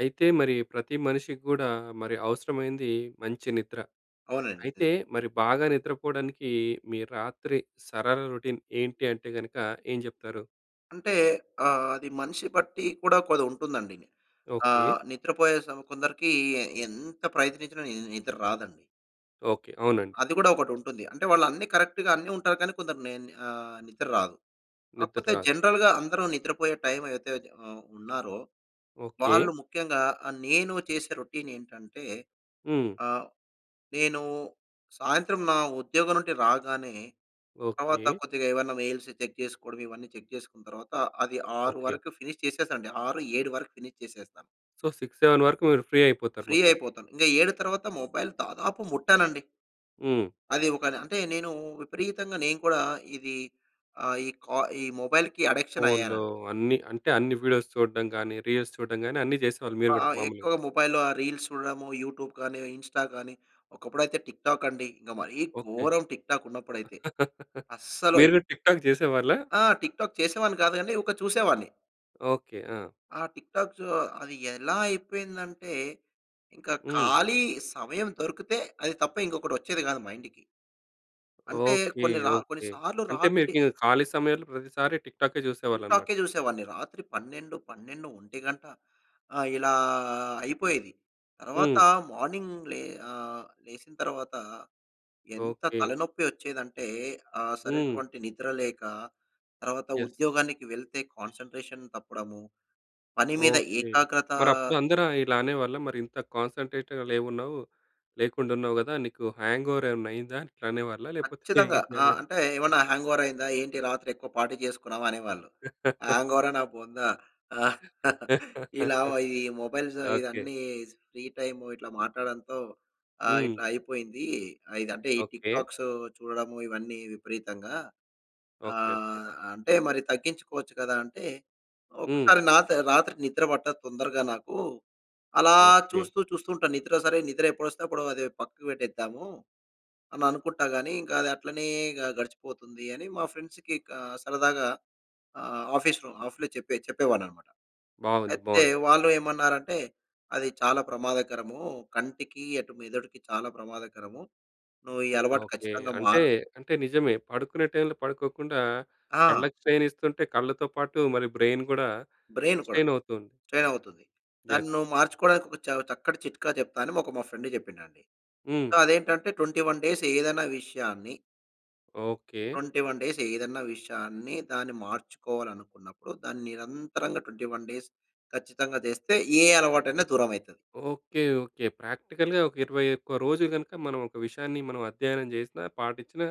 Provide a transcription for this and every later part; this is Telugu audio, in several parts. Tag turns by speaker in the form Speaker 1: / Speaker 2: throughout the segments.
Speaker 1: అయితే, మరి ప్రతి మనిషికి గూడా, మరి అవసరమైంది మంచి నిద్ర.
Speaker 2: అవునండి. ఇదే.
Speaker 1: అయితే, మరి బాగా నిద్రపోడానికి మీ రాత్రి సరళ రొటీన్ ఏంటంటే గనక ఏం జెప్తారు?
Speaker 2: అంటే ఆహ్, అది మనిషి బట్టి కూడా కొది ఉంటుందండి.
Speaker 1: ఓకే.
Speaker 2: ఆహ్, నిద్రపోయే సం కొందరికి ఎంత ప్రయత్నించినా ని నిద్ర రాదండి.
Speaker 1: ఓకే. అవునండి.
Speaker 2: అది గూడా ఒకటి ఉంటుంది. అంటే వాళ్ళు అన్ని కరెక్ట్‌గా అన్ని ఉంటారు. కానీ, కొందరు నే ని ఆహ్, నిద్ర రాదు.
Speaker 1: నిద్ర
Speaker 2: కాకపోతే,
Speaker 1: రాదు.
Speaker 2: జనరల్‌గా అందరూ నిద్రపోయే టైమ్ ఏదైతే ఆహ్, ఉన్నారో
Speaker 1: ఓకే.
Speaker 2: వాళ్ళు ముఖ్యంగా ఆహ్, నేను చేసే రొటీన్ ఏంటంటే
Speaker 1: హ్మ్.
Speaker 2: ఆహ్, నేను సాయంత్రం నా ఉద్యోగం నుండి రాగానే తర్వాత
Speaker 1: ఓకే.
Speaker 2: కొద్దిగా ఏవన్నా మెయిల్స్ చెక్ జేసుకోవడం, ఇవన్నీ చెక్ జేసుకున్న తర్వాత అది 6
Speaker 1: ఓకే.
Speaker 2: వరకు ఫినిష్ చేసేస్తానండి. 6, 7 వరకు ఫినిష్ చేసేస్తా.
Speaker 1: సో, 6, 7 వరకు మీరు ఫ్రీ అయిపోతారు
Speaker 2: ఫ్రీ
Speaker 1: మొత్తం.
Speaker 2: అయిపోతాను. ఇంక 7 తర్వాత, మొబైల్ దాదాపు ముట్టనండి.
Speaker 1: హ్మ్.
Speaker 2: అది ఒక న అంటే, నేను విపరీతంగా నేను కూడా ఇది ఆహ్, ఈ కా ఈ మొబైల్‌కి అడిక్షన్
Speaker 1: ఫోన్‌లో
Speaker 2: అయ్యానండి.
Speaker 1: అన్ని అంటే, అన్ని వీడియోస్ చూడడం గాని, రీల్స్ చూడడం గాని అన్ని చేసేవాళ్ళు మీరు
Speaker 2: ఆహ్, ఆ!
Speaker 1: కూడా మాములుగా.
Speaker 2: ఎక్కువగా మొబైల్‌లో ఆ రీల్స్ చూడడము, యూట్యూబ్ గాని, ఇన్‌స్టా గాని ఒకప్పుడైతే టిక్‌టాక్ అండి. ఇంక మరీ
Speaker 1: ఓకే.
Speaker 2: ఘోరం టిక్‌టాక్ ఉన్నప్పుడైతే అస్సలు
Speaker 1: మీరు
Speaker 2: అయ్
Speaker 1: కూడా టిక్‌టాక్ చేసేవాళ్ళా?
Speaker 2: ఆ! టిక్‌టాక్ చేసేవాడిని కాదు గాని ఒక చూసేవాడిని.
Speaker 1: ఓకే. ఆ!
Speaker 2: ఆ టిక్ టాక్సు అది ఎలా అయిపోయిందంటే, ఇంకా
Speaker 1: హ్మ్.
Speaker 2: ఖాళీ సమయం దొరికితే అది తప్ప ఇంకొకటి వచ్చేది కాదు మైండ్‌కి. అంటే
Speaker 1: ఓకే.
Speaker 2: కొన్ని రా కొన్ని
Speaker 1: ఓకే.
Speaker 2: సార్లు
Speaker 1: అంటే
Speaker 2: రాత్రి
Speaker 1: మీకు ఖాళీ సమయంలో ప్రతిసారి టిక్ టాకె
Speaker 2: టిక్
Speaker 1: చూసేవాళ్ళనమాట.
Speaker 2: టాకే చూసేవాన్ని. రాత్రి 12, 12, 1 గంట ఆహ్, ఇలా అయిపోయేది. తర్వాత
Speaker 1: హ్మ్.
Speaker 2: మార్నింగ్ లే ఆహ్, లేసిన తర్వాత ఎంత
Speaker 1: ఓకే.
Speaker 2: తలనొప్పి వచ్చేదంటే, ఆ
Speaker 1: హ్మ్.
Speaker 2: సరైటువంటి నిద్ర లేక తర్వాత
Speaker 1: యస్.
Speaker 2: ఉద్యోగానికి వెళ్తే, కాన్సంట్రేషన్ తప్పడము. పని మీద
Speaker 1: ఓకే.
Speaker 2: ఏకాగ్రత
Speaker 1: మరప్పుడు అందరు ఇలా అనేవాళ్ళా మరి ఇంత కాన్సంట్రేట్‌గా లేవున్నావు. లేకుండా ఉన్నావు గదా! నీకు హ్యాంగోవర్ ఏమన్నా అయిందా? ఇట్లా అనేవాళ్ళా లేకపోతే
Speaker 2: ఖచ్చితంగా. ఆహ్,
Speaker 1: ఏంటనేవారు?
Speaker 2: అంటే ఏమన్నా హ్యాంగోవర్ అయిందా? ఏంటి రాత్రి ఎక్కువ పార్టీ చేసుకున్నావా? అనేవాళ్ళు. హ్యాంగోవరా నా బొందా. ఇలా ఈ మొబైల్స్
Speaker 1: ఓకే.
Speaker 2: ఇవన్నీ ఫ్రీ టైము ఇట్లా మాట్లాడడంతో ఆహ్,
Speaker 1: హ్మ్.
Speaker 2: ఇట్లా అయిపోయింది. ఆహ్, ఇదంటే ఈ టిక్
Speaker 1: ఓకే.
Speaker 2: టాక్సు చూడడము ఇవన్నీ విపరీతంగా
Speaker 1: ఓకే. ఓకే.
Speaker 2: ఆహ్, అంటే మరి తగ్గించుకోవచ్చు గదా! అంటే
Speaker 1: హ్మ్.
Speaker 2: ఒకసారి నాత రాత్రి నిద్ర పట్టదు తొందరగా నాకు. అలా
Speaker 1: ఓకే.
Speaker 2: చూస్తూ చూస్తూ ఉంటాను. నిద్ర సరే నిద్ర ఎప్పుడొస్తే అప్పుడు అది పక్కకు పెట్టేద్దాము అని అనుకుంటా గాని, ఇంకా అది అట్లనే గ గడిచిపోతుంది. అని మా ఫ్రెండ్స్‌కి క సరదాగా ఆహ్, ఆఫీస్‌లో ఆఫ్లో చెప్పే చెప్పే వాడ్నాననమాట.
Speaker 1: బావుంది.
Speaker 2: అయితే
Speaker 1: బావుంది.
Speaker 2: వాళ్ళు ఏమన్నారంటే అది చాలా ప్రమాదకరము. కంటికి, అటు మెదడుకి చాలా ప్రమాదకరము. నువ్వు ఈ అలవాటు
Speaker 1: ఓకే.
Speaker 2: ఖచ్చితంగా
Speaker 1: అంటే
Speaker 2: మార్
Speaker 1: అంటే నిజమే. పడుకునే టైమ్‌లో పడుకోకుండా,
Speaker 2: ఆ!
Speaker 1: కళ్ళకి స్ట్రెయిన్ ఇస్తుంటే, కళ్ళతో పాటు మరి బ్రెయిన్ గూడా
Speaker 2: బ్రెయిన్ కూడా
Speaker 1: స్ట్రెయిన్ అవుతుంది.
Speaker 2: స్ట్రెయిన్ అవుతది.
Speaker 1: యస్.
Speaker 2: దాన్ని నువ్వు మార్చుకోవడానికి ఒక చ చక్కటి చిట్కా చెప్తా అని మా ఒక మా ఫ్రెండ్ చెప్పిండండి. సో,
Speaker 1: హ్మ్.
Speaker 2: అదేంటంటే 21 డేస్ ఏదైనా విషయాన్ని
Speaker 1: ఓకె.
Speaker 2: 21 డేస్ ఏదన్నా విషయాన్ని దాన్ని మార్చుకోవాలనుకున్నప్పుడు, దాన్ని నిరంతరంగా 21 డేస్ ఖచ్చితంగా చేస్తే ఏ అలవాటైన దూరమైతది.
Speaker 1: Okay, okay. ప్రాక్టికల్‌గా ఒక, 21 రోజులు గనక మనం ఒక విషయాన్ని మనం అధ్యయనం చేసినా, పాటించిన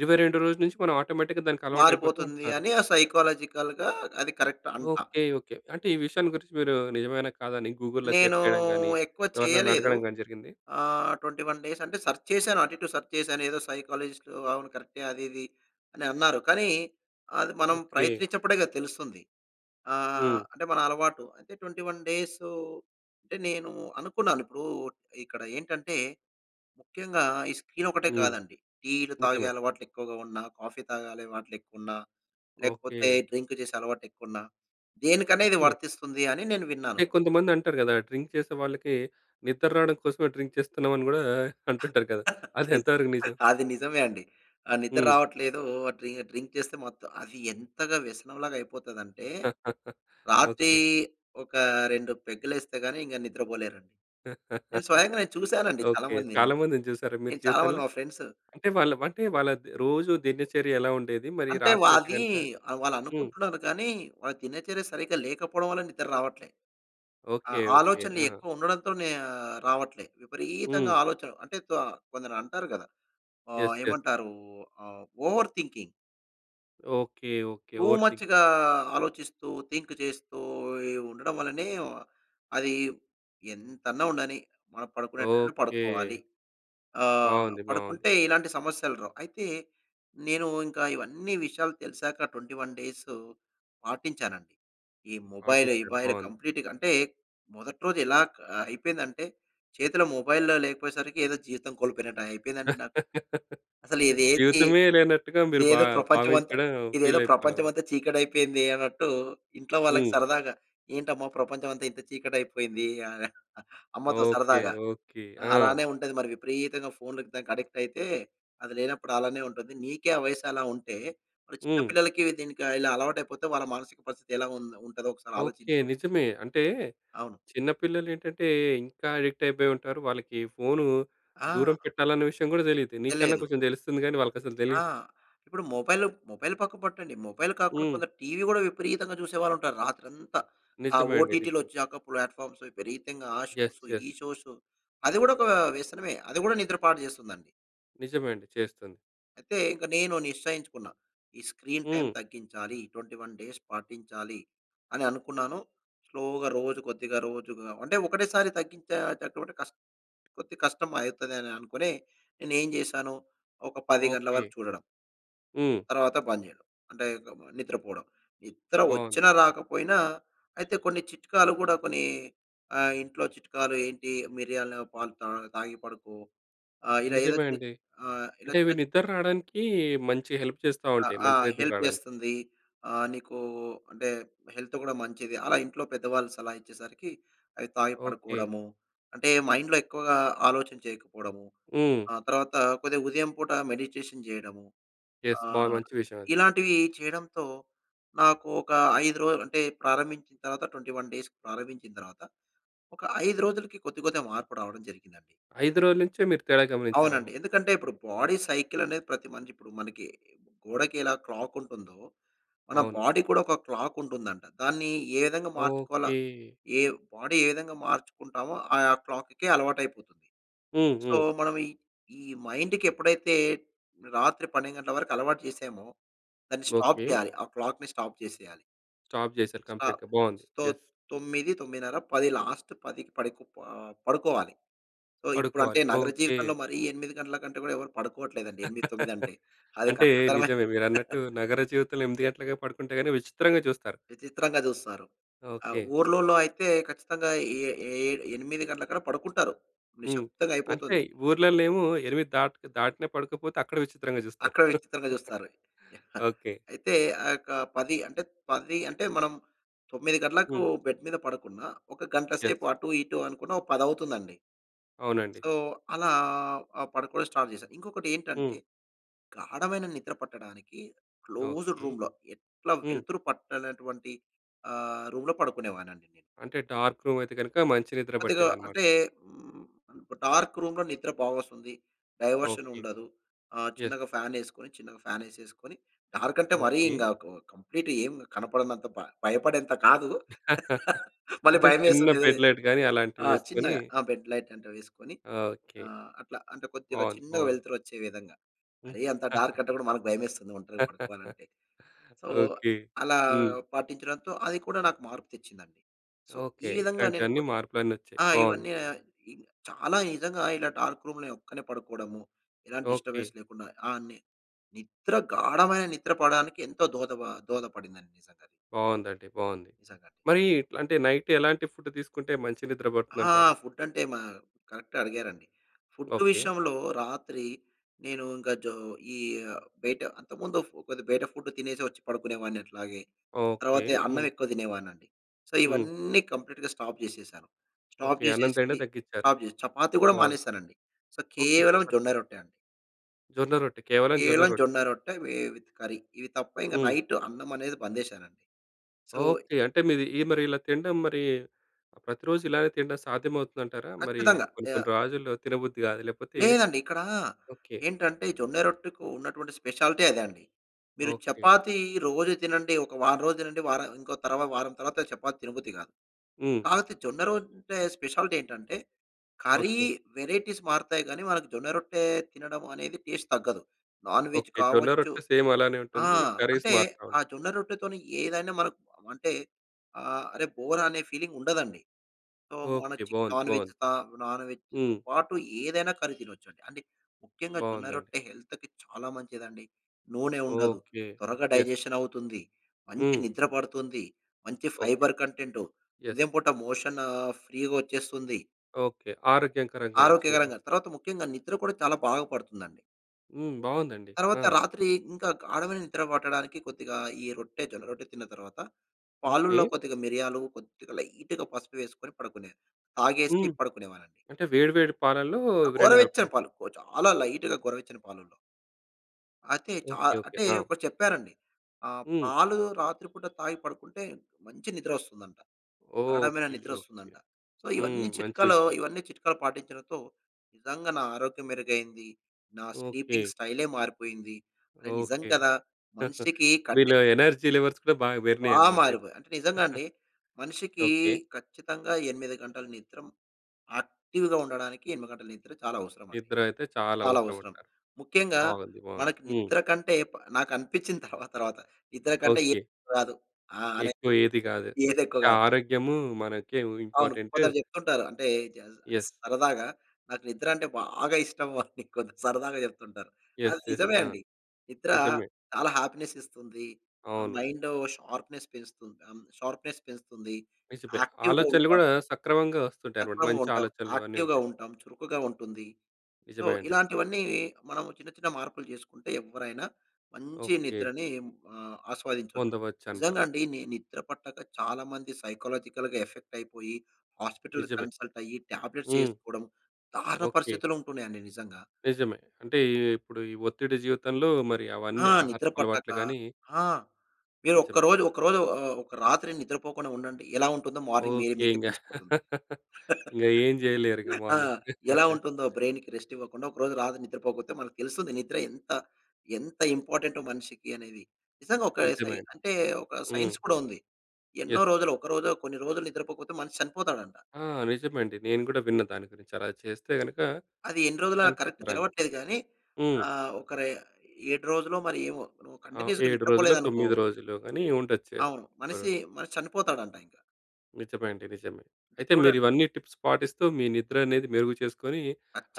Speaker 1: ఇరవై రెండో రోజు నుంచి మనం ఆటోమేటిక్‌గా దానికి అలవాటైపోతూ
Speaker 2: మారిపోతుంది
Speaker 1: ఉంటారు.
Speaker 2: అని ఆ సైకలాజికల్‌గా అది కరెక్ట్ అంటా.
Speaker 1: ఓకె. ఓకె. అంటే ఈ విషయాన్ని గురించి మీరు నిజమేనా, కాదా అని గూగుల్‌లో
Speaker 2: నేనూ
Speaker 1: సెర్చ్ చేయడం గాని,
Speaker 2: ఎక్కువ
Speaker 1: ఎవరినైనా
Speaker 2: చేయలేదు.
Speaker 1: అడగడం గాని జరిగింది?
Speaker 2: ఆహ్, 21 డేస్ అంటే సెర్చ్ చేశాను అటు, ఇటు సెర్చ్ చేశాను. ఏదో సైకాలజిస్ట్ అవును కరెక్టే అది, ఇది అని అన్నారు. కానీ, అది మనం
Speaker 1: ఓకె.
Speaker 2: ప్రయత్నించినప్పుడే కదా! తెలుస్తుంది. ఆహ్,
Speaker 1: హ్మ్.
Speaker 2: అంటే మన అలవాటు అంటే, 21 డేసూ అంటే నేనూ అనుకున్నాను. ఇప్పుడు ఇక్కడ ఏంటంటే, ముఖ్యంగా ఈ స్క్రీన్ ఒకటే
Speaker 1: హ్మ్.
Speaker 2: కాదండి, టీలు తాగే
Speaker 1: నిజమే.
Speaker 2: అలవాట్లు ఎక్కువగా ఉన్నా, కాఫీ తాగే అలవాట్లు ఎక్కువున్నా, లేకపోతే
Speaker 1: ఓకె.
Speaker 2: డ్రింక్ చేసే అలవాటు ఎక్కువున్నా దేనికన్నా ఇది
Speaker 1: నిజమే.
Speaker 2: వర్తిస్తుంది అని నేను విన్నాను.
Speaker 1: అంటే కొంతమందంటారు కదా! డ్రింక్ చేసే వాళ్ళకి, నిద్ర రావడం కోసమే డ్రింక్ చేస్తున్నాం అని గూడా అంటుంటారు కదా! అదెంత వరకు
Speaker 2: నిజమే.
Speaker 1: నిజం?
Speaker 2: అది నిజమే అండి. ఆహ్, నిద్ర
Speaker 1: హ్మ్.
Speaker 2: రావట్లేదూ ఆహ్, డ్రి డ్రింక్ చేస్తే మొత్తం అది ఎంతగా వ్యసనంలాగా అయిపోతదంటే రాత్రి
Speaker 1: ఓకె.
Speaker 2: ఒక, 2 పెగ్గులేస్తే గాని ఇంక నిద్రపోలేరు. నేను స్వయంగా నేను చూసానండి చాలా
Speaker 1: ఓకె.
Speaker 2: మందిని.
Speaker 1: చాలా మందిని చూసారా మీరు
Speaker 2: నేను చాలా మంది
Speaker 1: జీవితంలో?
Speaker 2: మా ఫ్రెండ్సు
Speaker 1: అంటే వాళ్ళ అంటే వాళ్ళది రోజు దినచర్య ఎలా ఉండేది? మరి
Speaker 2: అంటే వా
Speaker 1: రాత్రి అయితే
Speaker 2: అదీ
Speaker 1: గనక
Speaker 2: ఆహ్, వాళ్ళు
Speaker 1: హ్మ్.
Speaker 2: అనుకుంటున్నారు కానీ, వాళ్ళ దినచర్య సరిగ్గా లేకపోవడం వల్ల నిద్ర రావట్లే. ఆ
Speaker 1: ఓకె. ఓకె.
Speaker 2: ఆలోచనలు
Speaker 1: ఆహా!
Speaker 2: ఎక్కువ ఉండడంతోనే ఆహ్, రావట్లే. విపరీతంగా
Speaker 1: హ్మ్.
Speaker 2: ఆలోచనలు. అంటే తొ కొందరంటారు కదా! ఆహ్,
Speaker 1: యస్. యాస్.
Speaker 2: ఏమంటారూ! ఆహ్! Over thinking.
Speaker 1: Okay. Okay.
Speaker 2: To
Speaker 1: over think.
Speaker 2: మచ్‌గా ఆలోచిస్తూ థింక్ చేస్తూ ఈ ఉండడం వల్లనే అది ఎంతన్నా ఉండని, మనం పడుకునే టైమ్‌కి పడుకోవాలి.
Speaker 1: ఓకే.
Speaker 2: ఆహ్,
Speaker 1: బాగుంది. బాగుంది.
Speaker 2: పడుకుంటే ఇలాంటి సమస్యలు రావు. అయితే నేను ఇంకా ఇవన్నీ విషయాలు తెలిసాక 21 పాటించానండి. ఈ మొబైల్
Speaker 1: పాటిచ్చారు
Speaker 2: ఇబైల్
Speaker 1: బాగుంది.
Speaker 2: కంప్లీట్‌గ అంటే మొదటి రోజు ఎలా అ అయిపోయిందంటే చేతిలో మొబైల్లో లేకపోయేసరికి ఏదో జీవితం కోల్పోయినట్టు అయిపోయిందండి నాకు. అసలు ఇదేంటి?
Speaker 1: జీవితమే లేనట్టుగా మీరు భా
Speaker 2: ఇదేదో ప్రపంచమంతా
Speaker 1: భావించడం
Speaker 2: ఇదేదో
Speaker 1: ఫీల్ అయిపోయినారు.
Speaker 2: ప్రపంచమంతా చీకటి అయిపోయింది అన్నట్టు, ఇంట్లో వాళ్ళకి
Speaker 1: హ్మ్.
Speaker 2: సరదాగా ఏంటమ్మా ప్రపంచమంతా ఇంత చీకటైపోయింది. అమ్మతో
Speaker 1: ఓకే.
Speaker 2: సరదాగా,
Speaker 1: ఓకే. ఆ!
Speaker 2: అలానే ఉంటది మరి విపరీతంగా ఫోన్‌కి దానికి అడిక్ట్ అయితే, అది లేనప్పుడు అలానే ఉంటది. నీకే ఆ వయసు అలా ఉంటే, మరి చిన్న
Speaker 1: హ్మ్.
Speaker 2: పిల్లలకి దీనికి ఇలా అలవాటైపోతే వాళ్ళ మానసిక పరిస్థితి ఎలా ఉం ఉంటదో ఒకసారి
Speaker 1: ఓకే.
Speaker 2: ఆలోచించు.
Speaker 1: నిజమే. అంటే
Speaker 2: అవును.
Speaker 1: చిన్న పిల్లలు ఏంటంటే ఇంకా అడిక్ట్ అయిపోయి ఉంటారు. వాళ్ళకి ఫోను
Speaker 2: ఆ!
Speaker 1: దూరం పెట్టాలన్న విషయం గూడా తెలీదు. నీకన్నా
Speaker 2: లేదు.
Speaker 1: కొంచెం తెలుస్తుంది గానీ వాళ్ళకసలు
Speaker 2: ఆ!
Speaker 1: తెలీదు.
Speaker 2: ఇప్పుడు మొబైల్‌‌లో మొబైల్ పక్క పట్టండి. మొబైల్ కాకుండా
Speaker 1: హ్మ్.
Speaker 2: కొందరు టీవీ కూడా విపరీతంగా జూసేవాళ్ళుంటారు రాత్రంతా. ఆ
Speaker 1: నిజమే అండి.
Speaker 2: ఓటిటిలు
Speaker 1: నిజమే.
Speaker 2: వచ్చాక ప్లాట్‌ఫార్మ్స్ విపరీతంగా ఆ
Speaker 1: ఎస్.
Speaker 2: Shows,
Speaker 1: yes.
Speaker 2: ఈ షోస్ అది కూడా ఒక వ్యసనమే. అది కూడా నిద్రపాడు జేస్తుందండి.
Speaker 1: నిజమే అండి. చేస్తుంది.
Speaker 2: అయితే, ఇంక నేను నిశ్చయించుకున్నా. ఈ స్క్రీన్ టైమ్
Speaker 1: హ్మ్.
Speaker 2: తగ్గించాలి, 21 డేస్ పాటించాలి అని అనుకున్నాను. స్లోగా రోజు కొద్దిగా రోజుగా అంటే, ఒకటేసారి తగ్గించేటటువంటె కస్ కొద్దిగ కష్టం అయితదే అనే అనుకునే నేనేం జేశాను. ఒక 10 గంటల వరకు
Speaker 1: ఓకే.
Speaker 2: చూడడం...
Speaker 1: హ్మ్.
Speaker 2: తర్వాత బంద్ జెయడం, అంటే, గ మ నిద్రపోడం. నిద్ర
Speaker 1: బావుంది.
Speaker 2: ఒచ్చినా, రాకపోయినా అయితే కొన్ని చిట్కాలు గూడా కొనీ, ఆహ్, ఇంట్లో చిట్కాలు ఏంటి? మిర్యాల పాలు తా తాగి పడుకో. ఆహ్, ఇలా ఏదో
Speaker 1: నిజమే
Speaker 2: చిన్
Speaker 1: అండి.
Speaker 2: ఆహ్, ఇలా
Speaker 1: అంటే, ఇవి
Speaker 2: చిన్
Speaker 1: నిద్దర రాడానికీ మంచిగ హెల్ప్ చేస్తా
Speaker 2: ఆహ్,
Speaker 1: ఉంటాయి, మంచి
Speaker 2: ఆహ్,
Speaker 1: నిద్ర
Speaker 2: హెల్ప్
Speaker 1: రాడానికి.
Speaker 2: చేస్తుంది. ఆహ్, నీకూ అంటే, హెల్తుగ్గూడా మంచిది. అలా ఇంట్లో పెద్దవాళ్ళు సలహా ఇచ్చేసరికీ అవి తాగి
Speaker 1: ఓకే.
Speaker 2: పడుకోడము. అంటే, మైండ్‌లో ఎక్కువగా ఆలోచన చెయ్యకపోడము.
Speaker 1: హ్మ్.
Speaker 2: ఆ తర్వాత కొద్దిగా ఉదయం పూట మెడిటేషన్ చెయడము.
Speaker 1: యస్. బా
Speaker 2: ఆహ్,
Speaker 1: మంచి విషయవది.
Speaker 2: ఇలాంటివీ చెయడంతో, నాకు ఒక 5 రోలు, అంటే, ప్రారంభించిన తర్వాత 21 డేస్‌కి, ప్రారంభించిన తర్వాత ఒక 5 రోజులకి కొద్ది కొద్దిగా మార్పు రావడం జరిగిందండి.
Speaker 1: 5 రోజులు నించే మీరు తేడా
Speaker 2: అవునండి.
Speaker 1: గమనించారనమాట.
Speaker 2: ఎందుకంటే, ఇప్పుడు బాడీ సైకిలనేది, ప్రతి మనిషి ఇప్పుడు మనకి గోడకి ఎలా క్లాకుంటుందో, మన
Speaker 1: అవును.
Speaker 2: బాడీకి కూడా ఒక క్లాకుంటుందంట. దాన్ని ఏ విధంగా మార్చుకోవాలా,
Speaker 1: ఓకే.
Speaker 2: ఏ బాడీ ఏ విధంగా మార్చుకుంటామో, ఆయా క్లాక్‌‌కే అలవాటైపోతుంది.
Speaker 1: హ్మ్.
Speaker 2: సో,
Speaker 1: హ్మ్.
Speaker 2: మనం ఈ ఈ మైండ్‌కెప్పుడైతే, రాత్రి 12 గంటల వరకు అలవాటు చేసామో, దాన్ని స్టాప్
Speaker 1: ఓకే.
Speaker 2: జెయ్యాలి. ఆ క్లాక్‌ని స్టాప్ చేసెయ్యాలి.
Speaker 1: స్టాప్ చేశారు
Speaker 2: ఆ!
Speaker 1: కంప్లీట్‌గా. బావుంది.
Speaker 2: తొ
Speaker 1: యస్.
Speaker 2: తొమ్మిది, 9:30, 10. లాస్ట్ 10కి పడికోప్ ఆహ్, పడుకోవాలి. సో, ఇప్పుడంటే
Speaker 1: పడుకోవాలి.
Speaker 2: నగర
Speaker 1: ఓకే.
Speaker 2: జీవితంలో మరీ 8 గంటల కంటే గూడా ఎవరు పడుకోవట్లేదండి. 8, 9 అంటే. అది
Speaker 1: అంటే,
Speaker 2: కష్టతరమే
Speaker 1: నిజమే. మీరన్నట్టు నగర జీవితంలో 8 గంటలకె పడుకుంటే గానీ విచిత్రంగా చూస్తారు.
Speaker 2: విచిత్రంగా చూస్తారు. ఆ!
Speaker 1: ఓకే.
Speaker 2: ఊర్లులో అయితే, ఖచ్చితంగా ఏ ఏ ఎనిమిది గంటలకల్లా పడుకుంటారు.
Speaker 1: హ్మ్. అంతే
Speaker 2: నిశ్శబ్దంగయిపోతుంది.
Speaker 1: ఊర్లల్లేమో 8 దాటిత్ దాటిన పడుకోపోతే అక్కడ విచిత్రంగా జూస్తారు.
Speaker 2: అక్కడే విచిత్రంగా జూస్తారు. యాహ్! ఆ!
Speaker 1: ఓకే.
Speaker 2: అయితే, ఆ యొక్క 10 అంటే, త్ 10 అంటే, మనం 9 గంటలకు
Speaker 1: హ్మ్.
Speaker 2: బెడ్ మీద పడకున్నా, ఒక గంట
Speaker 1: యాహ్!
Speaker 2: సేపు అటూ ఇటూ అనుకున్నా ఒక 10 అవుతుందండి.
Speaker 1: అవునండి.
Speaker 2: సో, అలా అహ్, పడుకోడం స్టార్ట్ చేశా. ఇంకొకటేంటంటే,
Speaker 1: హ్మ్.
Speaker 2: గాఢమైన నిద్ర పట్టడానికి క్లోజుడ్
Speaker 1: ఓకే.
Speaker 2: రూమ్‌లో, ఎట్లా
Speaker 1: హ్మ్.
Speaker 2: వెలుతురు పట్టనటువంటి ఆహ్, రూమ్‌లో పడుకునేవాడినండి నేను.
Speaker 1: అంటే, డార్క్ రూమయితే గనక మంచి నిద్ర
Speaker 2: కొద్దిగా
Speaker 1: పట్టేదనమాట.
Speaker 2: అంటే, హ్మ్, ఒ డార్క్ రూమ్‌లో నిద్ర బా ఒస్తుంది.
Speaker 1: ఓకే.
Speaker 2: డైవర్షనుండదు. ఆహ్,
Speaker 1: యస్.
Speaker 2: చిన్నగా ఫ్యానేసుకొని చిన్నగా ఫ్యానేసేసుకొని, డార్కంటే
Speaker 1: ఓకే.
Speaker 2: మరీం గాకు కంప్లీట్ ఏం కనపడనంత బ భయపడేంత కాదు. మళ్ళీ
Speaker 1: అంటే, చిన్న
Speaker 2: భయమేస్తదే.
Speaker 1: బెడ్ లైట్ గానీ,
Speaker 2: ఆ!
Speaker 1: అలాంటివేసుకొనీ
Speaker 2: చిన్నగా. ఆ! బెడ్ లైటంట వేసుకొని,
Speaker 1: ఓకే.
Speaker 2: ఆహ్, అట్లా అంటే కొద్దిగా
Speaker 1: బావుంది.
Speaker 2: చిన్నగ
Speaker 1: బావుంది.
Speaker 2: వెలుతురొచ్చే విధంగా.
Speaker 1: హ్మ్.
Speaker 2: మరీ అంత డార్కంటే గూడా మనకు భయమేస్తుంది ఒంటరిగా పడుకోవాలంటే. So,
Speaker 1: okay.
Speaker 2: అలా
Speaker 1: హ్మ్.
Speaker 2: పాటించడంతో, అది కూడా నాకు మార్పు తెచ్చిందండి. So,
Speaker 1: okay.
Speaker 2: ఈ విధంగా నేను
Speaker 1: ఇట్లాంటివన్నీ,
Speaker 2: కొద్
Speaker 1: మార్పులన్నొచ్చాయి.
Speaker 2: ఆ!
Speaker 1: బావుంది.
Speaker 2: ఇవన్నీ ఏ చాలా నిజంగా ఇలా డార్క్ రూమ్‌లో నే ఒక్కడినే పడుకోడము, ఎలాంటి డిస్టర్బెన్స్
Speaker 1: ఓకే.
Speaker 2: లేకుండా. ఆ! నె నిద్ర, గాఢమైన నిద్ర పోడానికి ఎంతో దోదబ దోహదపడిందండి నిజంగానే.
Speaker 1: బావుందండి. బావుంది.
Speaker 2: నిజంగండి.
Speaker 1: మరీ అంటే, నైట్ ఎలాంటి ఫుడ్డు తీసుకుంటే మంచి నిద్ర
Speaker 2: ఆ!
Speaker 1: పడుతుందంటారు?
Speaker 2: ఫుడ్డంటే మా కరెక్టే అడిగారండి. Food
Speaker 1: okay.
Speaker 2: విషయంలో రాత్రి, నేను ఇంక జో ఈ బయట అంతముందొఫు కొద్దిగా బయట ఫుడ్డే తినేసి వచ్చి పడుకునేవాడిని అట్లాగే.
Speaker 1: ఓకే.
Speaker 2: తర్వాతె
Speaker 1: హ్మ్.
Speaker 2: అన్నవెక్కువ తినేవాడినండి. సో,
Speaker 1: హ్మ్.
Speaker 2: ఇవన్నీ కంప్లీట్‌గా స్టాప్ చేసేశాను. Stop
Speaker 1: okay. అన్నం
Speaker 2: చేసేసి
Speaker 1: తినడం తగ్గించారు.
Speaker 2: స్టాప్ జెస చపాతీ గూడా
Speaker 1: బావుంది.
Speaker 2: మానేశానండి. So,
Speaker 1: okay.
Speaker 2: కేవలం జొన్న
Speaker 1: చపాతియా?
Speaker 2: రొట్టె అండి.
Speaker 1: జొన్న రొట్టె. కేవలం జొన్న
Speaker 2: ఈలం
Speaker 1: రొట్టే.
Speaker 2: జొన్న రొట్టె, వే విత్ కర్రీ. ఇవి తప్ప ఇంక
Speaker 1: హ్మ్.
Speaker 2: నైట్ అన్నం అనేది బంద్ జేసారండి. So
Speaker 1: okay. అంటే మీది మరి ఇలా తినడం మరి ప్రతిరోజు ఇలాగే తినడం సాధ్యమవుతుందంటారా? మరి
Speaker 2: ఖచ్చితంగా!
Speaker 1: కొన్ని
Speaker 2: యహ్!
Speaker 1: కొన్ని రాజుల్లో తినబుద్ధి గాదు లేకపోతే
Speaker 2: లేదండి. ఇక్కడా,
Speaker 1: ఓకే.
Speaker 2: ఏంటంటే ఈ జొన్న రొట్టెకు ఉన్నటువంటి స్పెషాలిటీ అదే అండి. మీరు
Speaker 1: ఓకే.
Speaker 2: చపాతీ రోజు తినండి. ఒక వారం రోజు తినండి. వారం ఆహ్, ఇంకో తర్వా వారం తర్వాత చపాతీ తినబుద్ది గాదు.
Speaker 1: హ్మ్.
Speaker 2: కాపోతే జొన్నరొట్టె స్పెషాలిటీ ఏంటంటే, కర్రీ
Speaker 1: ఓకే.
Speaker 2: వేరైటీస్ మారతాయి గాని, మనకు జొన్నరొట్టె తినడం అనేది టేస్ట్ తగ్గదు. Non veg
Speaker 1: okay. జొన్న
Speaker 2: కావచ్చు.
Speaker 1: రొట్టె సేమ్ అలానే
Speaker 2: ఆ!
Speaker 1: ఉంటుంది. కర్రీస్
Speaker 2: అంటే
Speaker 1: మారతా
Speaker 2: ఆ
Speaker 1: ఉంటాయి.
Speaker 2: జొన్న రొట్టెతోని ఏదైనా మనకు అంటే ఆహ్, అరే బోర్ అనే ఫీలింగ్ ఉండదండి. So
Speaker 1: okay.
Speaker 2: మోనచిక్
Speaker 1: బావుంది.
Speaker 2: నాన్‌వెజ్
Speaker 1: బావుంది.
Speaker 2: త నాన్‌వెజ్‌తో
Speaker 1: హ్మ్.
Speaker 2: పాటు ఏదైనా కర్రీ తినొచ్చండి. అంటే ముఖ్యంగా జొన్న
Speaker 1: బాగుందండి.
Speaker 2: రొట్టె హెల్త్‌కి చాలా మంచిదండి. నూనె ఉండదు.
Speaker 1: ఓకే.
Speaker 2: త్వరగా
Speaker 1: యెస్.
Speaker 2: డైజెషన్ అవుతుంది. మంచి
Speaker 1: హ్మ్.
Speaker 2: నిద్ర పడుతుంది. మంచి
Speaker 1: ఓకే.
Speaker 2: Fibre content,
Speaker 1: yes.
Speaker 2: ఉదయం పూట మోషన్ ఫ్రీగొచ్చేస్తుంది.
Speaker 1: ఓకే. ఆరోగ్యకరం గూడా చూమ
Speaker 2: ఆరోగ్యకరంగా. తర్వాత ముఖ్యంగా నిద్ర కూడా చాలా బాగా పడుతుందండి.
Speaker 1: హ్మ్. బాగుందండి.
Speaker 2: తర్వాత
Speaker 1: ఆ!
Speaker 2: రాత్రి ఇంకా గాడమైన నిద్ర పట్టడానికి కొద్దిగా ఈ రొట్టె, జొన్న రొట్టె తిన్న తర్వాత
Speaker 1: ఓకే.
Speaker 2: పాలల్లో కొద్దిగా మిరియాలు, కొద్దిగా లైట్‌గా పసుపు వేసుకొని పడుకునే తాగేసి
Speaker 1: హ్మ్.
Speaker 2: పడుకునేవాళ్ళండి.
Speaker 1: అంటే వేడి వేడి పాలల్లో
Speaker 2: ఆ!
Speaker 1: ఇవి 2
Speaker 2: గోరవచ్చని
Speaker 1: కలపాలి.
Speaker 2: పాలు. చాలా లైట్‌గా గొర్రవచ్చని పాలల్లో. అయితే చా
Speaker 1: ఓకే. ఓకే.
Speaker 2: అంటే
Speaker 1: ఆ!
Speaker 2: ఒకటి చెప్పారండి. ఆ!
Speaker 1: హ్మ్.
Speaker 2: పాలు రాత్రిపూట తాగి పడుకుంటే మంచి నిద్ర వస్తుందంట. గాడమైన
Speaker 1: ఓకే.
Speaker 2: నిద్ర
Speaker 1: ఓకే.
Speaker 2: వస్తుందంట. సో,
Speaker 1: హ్మ్.
Speaker 2: ఇవన్నీ
Speaker 1: మంచి
Speaker 2: చిట్కాలు,
Speaker 1: విషయం.
Speaker 2: ఇవన్నీ చిట్కాలు పాటించడంతో నిజంగా నా ఆరోగ్యం మెరుగైంది. నా స్లీపింగ్
Speaker 1: ఓకే.
Speaker 2: స్టైలే మారిపోయింది. అరె! నిజం
Speaker 1: ఓకే.
Speaker 2: కదా! మనిషికి కంటే
Speaker 1: మీలో ఎనర్జీ లెవెల్స్ కూడా బాగా పెరినయి
Speaker 2: బా
Speaker 1: అనమాట. అయితే.
Speaker 2: మారిపోయ. అంటే నిజంగా అండి. మనిషికి
Speaker 1: ఓకే.
Speaker 2: ఖచ్చితంగా 8 గంటలు నిద్రమ్ యాక్టివ్‌గా ఉండడానికి 8 గంటల నిద్ర చాలా అవసరమండి.
Speaker 1: నిద్రయితే చాలా
Speaker 2: చాలా
Speaker 1: అవసరం
Speaker 2: అవసరం.
Speaker 1: అంటారు.
Speaker 2: ముఖ్యంగా
Speaker 1: బాగుంది, బాగుంది.
Speaker 2: మనకి
Speaker 1: హ్మ్.
Speaker 2: నిద్ర కంటే, ప నాకు అనిపించింది తర్వాత, తర్వాత నిద్ర కంటే
Speaker 1: ఓకే.
Speaker 2: ఏది రాదు. ఆ! అని
Speaker 1: ఎక్కువ ఏది కాదు.
Speaker 2: ఏదేక్కువ
Speaker 1: అంటే
Speaker 2: కాదు.
Speaker 1: ఆరోగ్యము మనకే
Speaker 2: అవును
Speaker 1: ఇంపార్టెంట్.
Speaker 2: కొందరు చెప్తుంటారు. అంటే ఇది
Speaker 1: యెస్.
Speaker 2: స్ సరదాగా నాకు నిద్ర అంటే బాగా ఇష్టం ఆని కొందరు సరదాగా చెప్తుంటారు. అది
Speaker 1: యెస్. యెస్.
Speaker 2: నిజమే
Speaker 1: ఆ!
Speaker 2: అండి. నిద్ర
Speaker 1: నిజమే.
Speaker 2: చాలా హ్యాపీనెస్ ఇస్తుంది. ఆ
Speaker 1: అవును.
Speaker 2: మైండ్ షార్ప్‌నెస్ పెంచుతుంది. అన్ షార్ప్‌నెస్ పెంచుతుంది.
Speaker 1: నిజమే.
Speaker 2: యాక్టివ్‌గా
Speaker 1: ఆలోచనలు
Speaker 2: ఉంటాం.
Speaker 1: కూడా సక్రమంగా వస్తుంటాయి అనమాట.
Speaker 2: సక్రమంగా
Speaker 1: మంచి
Speaker 2: ఉంటాం.
Speaker 1: ఆలోచనలు అవన్నీ
Speaker 2: యాక్టివ్‌గా
Speaker 1: ఉంటాయి.
Speaker 2: ఉంటాం. చురుకుగా ఉంటుంది. సో,
Speaker 1: నిజమే అండి.
Speaker 2: ఇలాంటివన్నీ మనము చిన్న, చిన్న మార్పులు చేసుకుంటే ఎవ్వరైనా మంచి
Speaker 1: ఓకే.
Speaker 2: నిద్రని ఆహ్, ఆస్వాదించొచ్చు.
Speaker 1: పొందవచ్చని
Speaker 2: నిజంగా
Speaker 1: రాను.
Speaker 2: అండి. ని నిద్ర పట్టక చాలామంది సైకలాజికల్‌గా ఎఫెక్ట్ అయిపోయి హాస్పిటల్‌కి
Speaker 1: నిజమే.
Speaker 2: కన్సల్ట్ అయ్యి టాబ్లెట్స్
Speaker 1: హ్మ్.
Speaker 2: ఏసుకోవడం దారుణ
Speaker 1: ఓకే.
Speaker 2: పరిస్థితులు ఉంటున్నాయండి నిజంగా.
Speaker 1: నిజమే. అంటే ఇప్పుడు ఈ ఒత్తిడి జీవితంలో మరి
Speaker 2: ఆ!
Speaker 1: అవన్నీ
Speaker 2: నిద్ర
Speaker 1: ఆహారపు
Speaker 2: పట్టక,
Speaker 1: అలవాట్లుగాని
Speaker 2: ఆ! మీరు
Speaker 1: నిజమే.
Speaker 2: ఒక్కరోజు ఒకరోజు ఆహ్, ఒక రాత్రి నిద్రపోకుండా ఉండండి. ఎలా ఉంటుందో మార్నింగ్ మీరే
Speaker 1: ఓకే.
Speaker 2: మీకే
Speaker 1: ఇంగ
Speaker 2: తెలిసిపోతుంది.
Speaker 1: ఇంగ ఏం చేయలేరు. ఇంగ
Speaker 2: ఆ!
Speaker 1: మార్నింగ్.
Speaker 2: ఎలా ఉంటుందో బ్రైన్‌కి రెస్ట్ ఇవ్వకుండా ఒక రోజు రాదు నిద్రపోకపోతే మనకు తెలుస్తుంది. నిద్ర ఎంత, ఎంత ఇంపార్టెంటో మనిషికి అనేది. నిజంగా ఒక సై
Speaker 1: నిజమే అండి.
Speaker 2: అంటే ఒక
Speaker 1: హ్మ్.
Speaker 2: సైన్స్ కూడా ఉంది. ఎన్నో
Speaker 1: యెస్.
Speaker 2: రోజులు, ఒకరోజో కొన్ని రోజులు నిద్రపోకపోతే మనిషి చనిపోతాడంట.
Speaker 1: ఆ! నిజమేండి. నేను కూడా విన్న దాని గురించి. అలా చేస్తే గనుక
Speaker 2: అది ఎన్ని రోజులా కరెక్ట్
Speaker 1: చనిపోతారని.
Speaker 2: తెలవట్లేదుగాని
Speaker 1: హ్మ్.
Speaker 2: ఆహ్, ఒక ర 7 రోజులో మరి, ఏమో నువ్వు
Speaker 1: అవు
Speaker 2: కంటిన్యూస్‌గా
Speaker 1: 7 రోజులో,
Speaker 2: నిద్రపోలేదనుకో
Speaker 1: 9 రోజులులోగాని ఉండొచ్చు. ఏదో
Speaker 2: అవును.
Speaker 1: ఒక
Speaker 2: మనిషి,
Speaker 1: రోజు.
Speaker 2: మనిషి చనిపోతాడంట ఇంక.
Speaker 1: నిజమే అండి. నిజమే.
Speaker 2: అంటే
Speaker 1: అయితే మీరు
Speaker 2: చూడండి.
Speaker 1: ఇవన్నీ టిప్స్ పాటిస్తూ మీ నిద్ర అనేది మెరుగు చేసుకొని,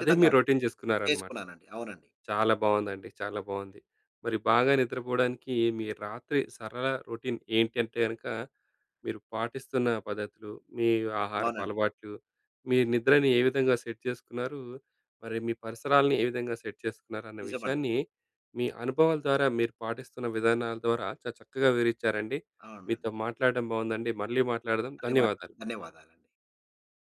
Speaker 1: అదే మీ
Speaker 2: అండి.
Speaker 1: రొటీన్ చేసుకున్నారనమాట.
Speaker 2: చేసుకున్నానండి. అవునండి.
Speaker 1: చాలా బాగుందండి. చాలా బాగుంది. మరి బాగా నిద్రపోవడానికి మీ రాత్రి సరళ రొటీన్ ఏంటంటే అనక మీరు పాటిస్తున్న పద్ధతులు, మీ ఆహారపు
Speaker 2: అవునండి.
Speaker 1: అలవాట్లు మీ నిద్రని ఏ విధంగా సెట్ చేసుకున్నారు. మరి మీ పరిసరాలను ఏ విధంగా సెట్ చేసుకున్నారు అన్న
Speaker 2: నిజమండి.
Speaker 1: విషయాన్ని మీ అనుభవాల ద్వారా మీరు పాటిస్తున్న విధానాల ద్వారా చాలా చక్కగా వివరించారండి. మీతో
Speaker 2: అవునండి.
Speaker 1: మాట్లాడడం బాగుందండి. మళ్ళీ మాట్లాడదాం.
Speaker 2: మళ్ళీ
Speaker 1: ధన్యవాదాలు.
Speaker 2: మాట్లాడదాం. ధన్యవాదాలండి.